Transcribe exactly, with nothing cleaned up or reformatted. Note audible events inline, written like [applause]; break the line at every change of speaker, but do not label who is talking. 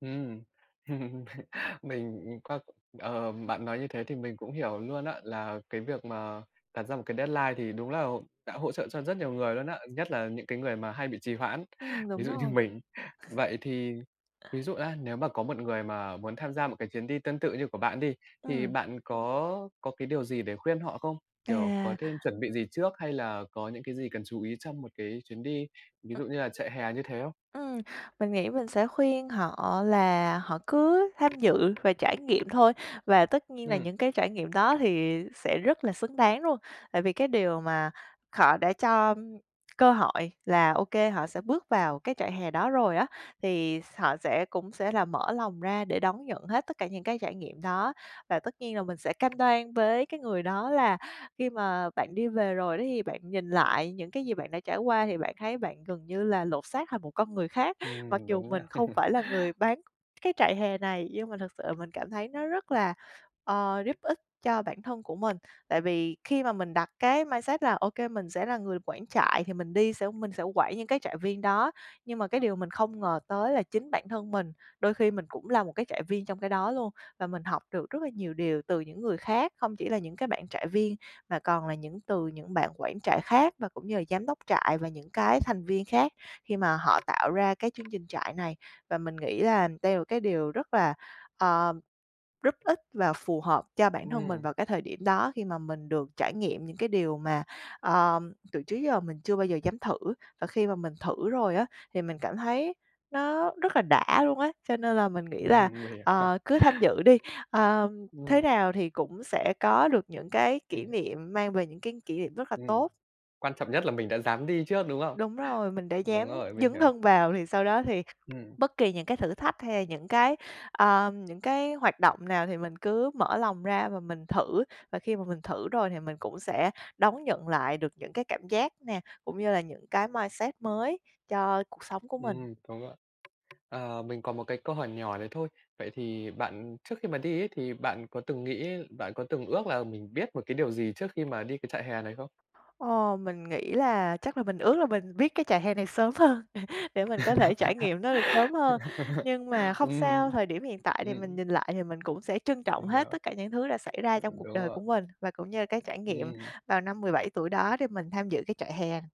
Ừm. [laughs] Mình, ừm, qua, ờ, bạn nói như thế thì mình cũng hiểu luôn á, là cái việc mà đặt ra một cái deadline thì đúng là hỗ đã hỗ trợ cho rất nhiều người luôn á. Nhất là những cái người mà hay bị trì hoãn,
Ừm,
ví
đúng
dụ như
rồi.
mình. Vậy thì ví dụ á nếu mà có một người mà muốn tham gia một cái chuyến đi tương tự như của bạn đi, thì
Ừm.
bạn có có cái điều gì để khuyên họ không? Kiểu, có
À.
nên chuẩn bị gì trước hay là có những cái gì cần chú ý trong một cái chuyến đi, ví dụ như là trại hè như thế không?
Ừm, mình nghĩ mình sẽ khuyên họ là họ cứ tham dự và trải nghiệm thôi và tất nhiên là
Ừm.
những cái trải nghiệm đó thì sẽ rất là xứng đáng luôn. Tại vì cái điều mà họ đã cho cơ hội là, ô kê, họ sẽ bước vào cái trại hè đó rồi á, thì s họ sẽ cũng sẽ là mở lòng ra để đón nhận hết tất cả những cái trải nghiệm đó. Và tất nhiên là mình sẽ cam đoan với cái người đó là khi mà bạn đi về rồi đó thì bạn nhìn lại những cái gì bạn đã trải qua thì bạn thấy bạn gần như là lột xác thành một con người khác, mặc
Ừm,
dù
đúng nha.
mình không
[chuckles]
phải là người bán cái trại hè này. Nhưng mà thực sự là mình cảm thấy nó rất là, ờ, giúp ích cho bản thân của mình. Tại vì khi mà mình đặt cái mindset là, ô kê mình sẽ là người quản trại thì mình đi sẽ mình sẽ quản những cái trại viên đó, nhưng mà cái điều mình không ngờ tới là chính bản thân mình, đôi khi mình cũng là một cái trại viên trong cái đó luôn, và mình học được rất là nhiều điều từ những người khác, không chỉ là những cái bạn trại viên mà còn là những từ những bạn quản trại khác và cũng như là giám đốc trại và những cái thành viên khác khi mà họ tạo ra cái chương trình trại này. Và mình nghĩ là đây là một cái điều rất là, ờ, rất ích và phù hợp cho bản thân mình
Ừm.
vào cái thời điểm đó, khi mà mình được trải nghiệm những cái điều mà, ờ, từ trước giờ mình chưa bao giờ dám thử và khi mà mình thử rồi á thì mình cảm thấy nó rất là đã luôn á, cho nên là mình nghĩ
Ừm
là,
hừm. Mình ha.
ờ, cứ tham dự đi. Ơ, thế
Ừm.
nào thì cũng sẽ có được những cái
Mình
kỷ
hiểu.
niệm, mang về những cái kỷ niệm rất là
Ừm.
tốt.
Quan trọng nhất là mình đã dám đi trước, đúng không?
Đúng rồi, mình đã dám
Đúng rồi, mình
dấn
hiểu.
thân vào thì sau đó thì
Ừm.
bất kỳ những cái thử thách hay là những cái, ơ, những cái hoạt động nào thì mình cứ mở lòng ra và mình thử và khi mà mình thử rồi thì mình cũng sẽ đón nhận lại được những cái cảm giác nè, cũng như là những cái mindset mới cho cuộc sống của mình.
Ừm, đúng rồi. Ờ, mình còn một cái câu hỏi nhỏ nữa thôi. Vậy thì bạn trước khi mà đi ấy, thì bạn có từng nghĩ bạn có từng ước là mình biết một cái điều gì trước khi mà đi cái trại hè này không?
Ồ, mình nghĩ là chắc là mình ước là mình biết cái trại hè này sớm hơn để mình có thể trải nghiệm nó được sớm hơn. Nhưng mà
[laughs]
không sao,
Ừm,
thời điểm hiện tại thì mình
ừm.
nhìn lại thì mình cũng sẽ trân trọng
Mình
hết
hiểu.
tất cả những thứ đã xảy ra trong cuộc
Đúng
đời của
rồi.
mình, và cũng như là cái trải nghiệm
Ừm.
vào năm mười bảy tuổi đó để mình tham dự cái trại hè.